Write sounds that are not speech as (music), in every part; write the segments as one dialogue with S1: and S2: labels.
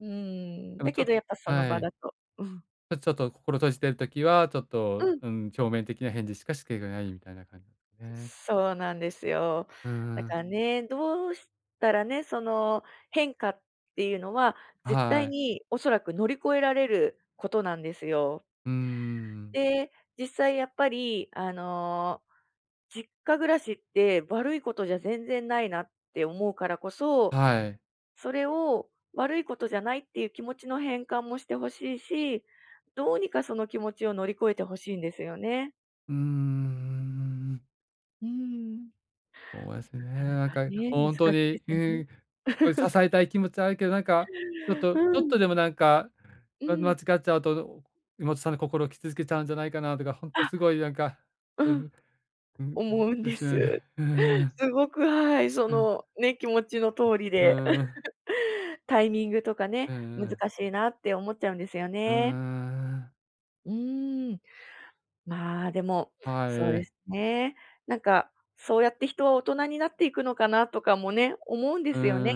S1: うーん、
S2: でも
S1: だ
S2: ち
S1: け
S2: ょっ、
S1: どやっぱその
S2: は
S1: 場
S2: い。
S1: だと、うん。
S2: ちょっと心閉じてる時は、ちょっ
S1: う
S2: と、
S1: ん。
S2: うーん表面的な返事しか、しけがないみたいな感じなんですね。
S1: そうなんですよ。
S2: う
S1: だ
S2: んう
S1: か
S2: ん。
S1: らね、どうしたらね、その変化っていうのは絶
S2: は
S1: 対
S2: い。
S1: におそらく乗り越えられることなんですよ。
S2: うーん。
S1: で、実際やっぱりあの、実家暮らしって悪いことじゃ全然ないなって思うからこそ、
S2: はい。
S1: それを悪いことじゃないっていう気持ちの変換もしてほしいし、どうにかその気持ちを乗り越えてほしいんですよね。
S2: うーん。
S1: うーん。
S2: そうですね。
S1: なかな
S2: なん
S1: か
S2: か
S1: ね、難
S2: ほ
S1: し
S2: んと
S1: いで
S2: に、
S1: すよね。
S2: ん、お
S1: (laughs)
S2: 支えたい気持ちはあるけど、なんかちょっと、
S1: う
S2: ちょっ
S1: ん。
S2: とでもなんか、
S1: (chuckles) う
S2: うん、間違
S1: ん。
S2: っちゃうと、妹さんの心を傷つけちゃうんじゃないかなとか、ほんと
S1: あ、
S2: すごいなんか、う
S1: うん。
S2: ん、うん、
S1: 思うん
S2: で
S1: で
S2: すよ
S1: す。
S2: ね、うーん。
S1: すごく、はい。そ
S2: うん。
S1: のね、気持ちの通り
S2: う
S1: で。
S2: ーん。
S1: (laughs) タイミングとか
S2: う
S1: ね、
S2: んう
S1: 難
S2: ん。
S1: しいなって思っちゃうんですよ
S2: うー
S1: ね。
S2: ん。
S1: うーん。まあでも
S2: は
S1: そうで
S2: い。
S1: すね。なんかそうやって人は大人になっていくのかなとかもね、思うんで
S2: うー
S1: すよね。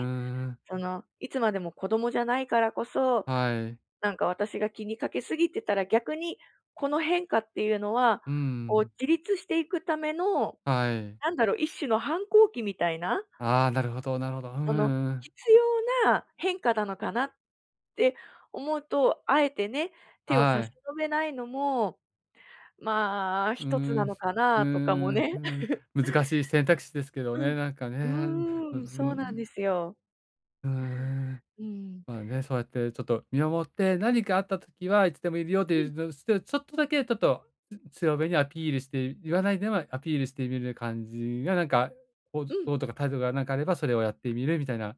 S2: ん。
S1: そのいつまでも子供じゃないからこそ、
S2: はい。
S1: なんか私が気にかけすぎてたら逆にこの変化っていうのは、
S2: うー
S1: こう
S2: ん。
S1: 自立していくための、
S2: はい。
S1: なんだろ、一種の反抗期みたいな。
S2: ああ、なるほどなるほど。うん
S1: そ
S2: う
S1: の
S2: んうん。
S1: 必要な変化なのかなって思うと、あえてね、手を差
S2: は
S1: し
S2: い。
S1: 伸べないのも、まあ
S2: うー
S1: 一つな
S2: ん、
S1: のか
S2: うー
S1: なとかも
S2: ん、
S1: ね。(laughs)
S2: うん、難しい選択肢ですけど
S1: う
S2: ね。
S1: ん。
S2: なんかね。
S1: う
S2: なんか、そ
S1: ーん、そ
S2: の、う
S1: うなん
S2: ん。
S1: ですよ。
S2: はえ。
S1: うーん。
S2: まあね。そうやってちょっと見守って、何かあったときはいつでもいるよと
S1: う
S2: いう、
S1: ん。
S2: じょすて、ちょっとだけちょっと、つ強めにアピールして言わないでは、アピールしてみる感じがなんかこう
S1: うん。
S2: どうとか態度がなんかかあれば、それをやってみるみたいな。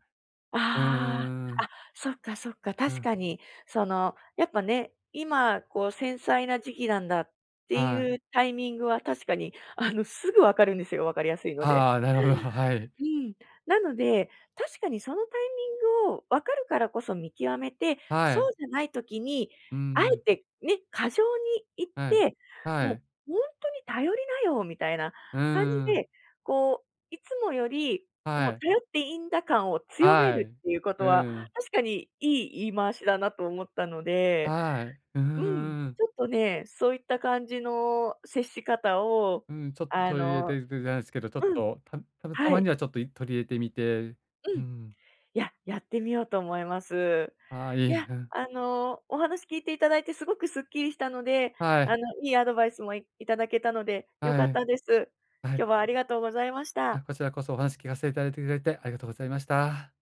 S2: うー
S1: ああ。あ、
S2: ん。
S1: そっかそっか。
S2: う
S1: 確
S2: ん。
S1: かに。そのやっぱね、今こう繊細な時期なんだって
S2: はい。
S1: いうタイミングは確かにあのすぐ分かるんですよ、分かりやすいので。
S2: ああ、なるほど、はい。
S1: うん。なので、確かにそのタイミングを分かるからこそ見極めて、
S2: は
S1: そう
S2: い。
S1: じゃない時に、
S2: う
S1: あえ
S2: ん。
S1: てね、過剰にいっ
S2: はい、
S1: て、
S2: は
S1: もう
S2: い。
S1: ほんとに頼りなよみたいな
S2: う
S1: 感じ
S2: ーん。
S1: で、こう、いつもより、
S2: は
S1: もう
S2: い。
S1: 頼っていいんだ感を強め
S2: は
S1: る
S2: い、
S1: っていうこと
S2: う
S1: は、
S2: ん。
S1: 確かに、いい言い回しだなと思ったので、
S2: はい。うー
S1: うん。
S2: ん。
S1: ちょっとね、そういった感じの接し方を、
S2: うん、ちょっと
S1: あ
S2: 取り入れ
S1: の
S2: てでじゃないですけど、ちょっ
S1: うん。
S2: と、たた
S1: は
S2: ま
S1: い。
S2: にはちょっと取り入れてみて、
S1: う
S2: う
S1: ん。い
S2: ん。
S1: や、やってみようと思います。
S2: ああ、い
S1: い
S2: い、
S1: や、
S2: うん。
S1: あの、お話聞いていただいてすごくすっきりしたので、
S2: は
S1: あ
S2: い。
S1: のいいアドバイスも、いいただけたので良か
S2: は
S1: っ
S2: い。
S1: たです。
S2: は
S1: 今
S2: い。
S1: 日はありがとうございまし
S2: は
S1: た。
S2: い。こちらこそお話聞かせていただいていただいてありがとうございました。